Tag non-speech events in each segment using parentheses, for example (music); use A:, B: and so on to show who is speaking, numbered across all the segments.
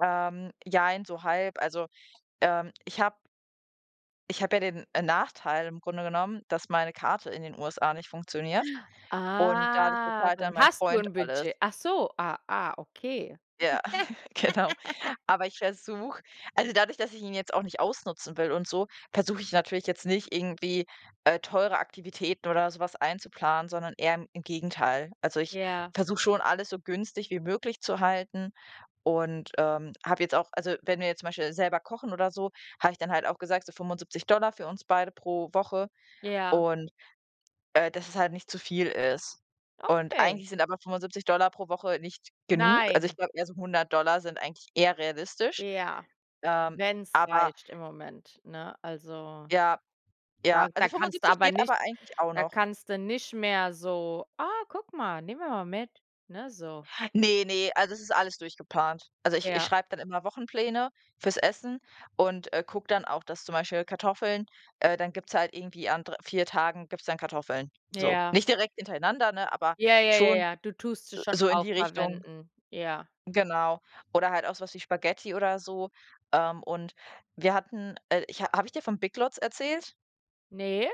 A: Ähm, jein, so halb. Also, ähm, ich habe Ich habe ja den Nachteil im Grunde genommen, dass meine Karte in den USA nicht funktioniert und dadurch
B: Ah,
A: bezahlt
B: dann
A: dann mein
B: hast du
A: Freund
B: 'n
A: alles.
B: Budget. Ach so, ah, ah, okay.
A: Ja, (chuckles) genau.
B: (laughs)
A: Aber ich versuche also, dadurch, dass ich ihn jetzt auch nicht ausnutzen will und so, versuche ich natürlich jetzt nicht irgendwie, äh, teure Aktivitäten oder so was einzuplanen, sondern eher in im Gegenteil. Also, ich
B: Ja.
A: versuche schon, alles so günstig wie möglich zu halten und, ähm, habe jetzt auch also, wenn wir jetzt zum Beispiel selber kochen oder so, habe ich dann halt auch gesagt: „So 75 $ für uns beide pro Woche.“
B: Ja.
A: und äh, dass es halt nicht zu viel ist. Und
B: Okay.
A: eigentlich sind aber 75 $ pro Woche nicht genug. Also, ich
B: Nein.
A: glaube, eher so 100 $ sind eigentlich eher realistisch.
B: Ja.
A: Ähm,
B: Wenn's
A: aber
B: reicht im Moment, ne? Also,
A: Ja,
B: da
A: ja,
B: da
A: also,
B: kannst du
A: 75
B: aber
A: geht
B: nicht
A: aber eigentlich auch
B: da
A: noch.
B: kannst du nicht mehr so: „Ah, guck mal, nehmen wir mal mit.“ ne, so.
A: Ne, ne, also, es ist alles durchgeplant. Also, ich ich
B: Ja.
A: schreibe dann immer Wochenpläne fürs Essen und, äh, gucke dann auch, dass zum Beispiel Kartoffeln äh, dann gibt's halt irgendwie an dr 4 Tagen gibt's dann Kartoffeln, so.
B: Ja.
A: Nicht direkt hintereinander, ne, aber
B: Ja, ja, ja,
A: schon
B: ja, du tust es schon
A: so in
B: auch
A: die Richtung.
B: verwenden, ja.
A: Genau. Oder halt auch so was wie Spaghetti oder so. Ähm, und wir hatten äh, ich ha habe ich dir von BigLots erzählt?
B: Ne.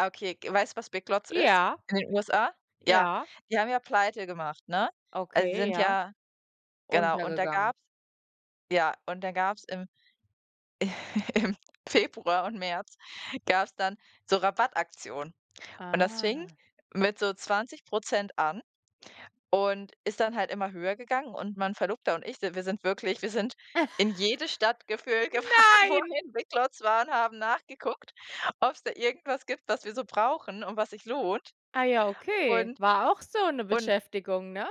A: Ah, okay, k weißt du, was BigLots ist?
B: Ja,
A: In den USA? Ja,
B: ja.
A: die haben ja Pleite gemacht, ne? Also, sie
B: Okay,
A: sind
B: ja.
A: ja genau, und da
B: Untergegangen.
A: gab's ja, und dann gab's im (chuckles) im Februar und März gab's dann so Rabattaktionen und das fing
B: Ah.
A: mit so 20 % an und ist dann halt immer höher gegangen und mein Verlobter und ich si wir sind wirklich wir sind
B: (chuckles)
A: in jede Stadt gefühlt gefahren, wo
B: Nein.
A: hier 'n BigLots war und haben nachgeguckt, ob's da irgendwas gibt, was wir so brauchen und was sich lohnt.
B: Ah ja, okay.
A: Und
B: War auch so 'ne
A: und
B: Beschäftigung, ne?